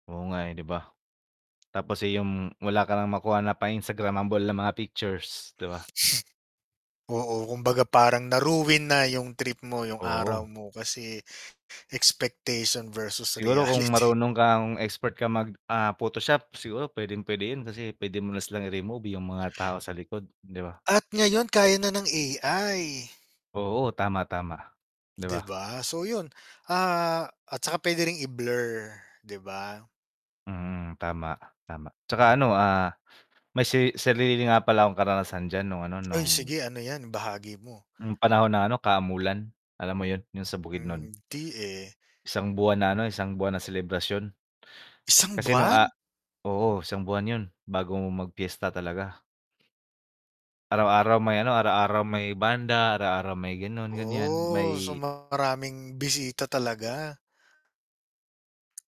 Oo nga eh, 'di ba. Tapos, eh, yung wala ka ng makuha na pa-instagramable na mga pictures, 'di ba? Oo, kumbaga parang na-ruin na yung trip mo, yung araw Oo. mo kasi expectation versus Siguro kung reality. marunong kang expert kang mag, ah, photoshop siguro pwedeng-pwede yun kasi pwede mo na silang i-remove yung mga tao sa likod, 'di ba? At ngayon kaya na ng AI. Oo tama, tama, 'di Di ba? ba? So yun, ah, at saka pwede ring i-blur, 'di ba? Mm. Tama, tama tsaka ano, ah, may seri sarili nga pala akong karanasan diyan nung ano, Ay nung sige ano yan, ibahagi mo. Yung panahon na ano, Kamulan alam mo yun, yung sa Bukidnon? Hmm, 'di eh. 1 buwan na ano, 1 buwan na selebrasyon. 1 Kasi nung a buwan? oo, 1 buwan yun bago mag-piyesta talaga. Araw-araw may ano, araw-araw may banda, araw-araw may ganon ganyan Oh, so, may maraming bisita talaga.